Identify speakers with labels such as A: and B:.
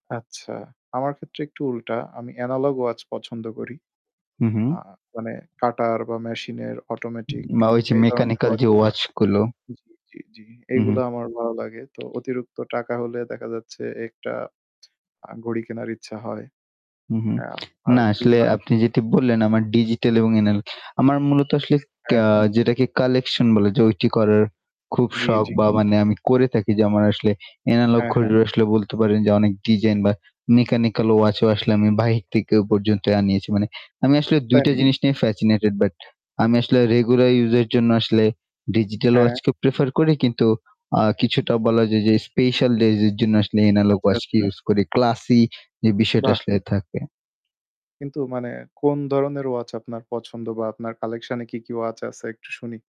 A: আচ্ছা, আমার ক্ষেত্রে একটু উল্টা। আমি analog watch পছন্দ করি।
B: হুম, হুম।
A: আ মানে কাঁটার বা মেশিন এর automatic
B: মা ওই যে
A: এই ধরনের
B: mechanical
A: ওয়াচ
B: যে
A: গুলা
B: ওয়াচ গুলো।
A: জি, জি, জি
B: হু, হুম।
A: এইগুলা আমার ভালো লাগে। তো অতিরিক্ত টাকা হলে দেখা যাচ্ছে, একটা আ ঘড়ি কেনার ইচ্ছা হয়।
B: হু, হু।
A: অ্যা বা
B: না আসলে
A: জুতা।
B: আপনি যেটি বললেন, আমার ডিজিটাল এবং এনাল আমার মূলত আসলে
A: অ্যা
B: কেয়া
A: হ্যাঁ।
B: যেটাকে collection বলে, যে ওইটি করার, খুব
A: জি,
B: শখ
A: জি।
B: বা মানে আমি করে থাকি। যে আমার আসলে এনালগ
A: অ্যা হ্যাঁ।
B: ঘড়ির আসলে বলতে পারেন যে অনেক ডিজাইন বা mechanical watch ও আসলে আমি বাহির থেকে পর্যন্ত আনিয়েছি। মানে আমি আসলে ২
A: তাই
B: টা
A: নাকি?
B: জিনিস নিয়ে fascinated বাট আমি আসলে regular use এর জন্য আসলে digital
A: হ্যাঁ।
B: watch কে prefer করি। কিন্তু আ কিছুটা বলা যায় যে special days এর জন্য আসলে analog
A: আচ্ছা,
B: watch কে
A: আচ্ছা।
B: use করি। Classy যে বিষয়টা
A: বাহ!
B: আসলে থাকে।
A: কিন্তু মানে কোন ধরনের watch আপনার পছন্দ বা আপনার collection এ কি, কি, watch আছে? একটু শুনি।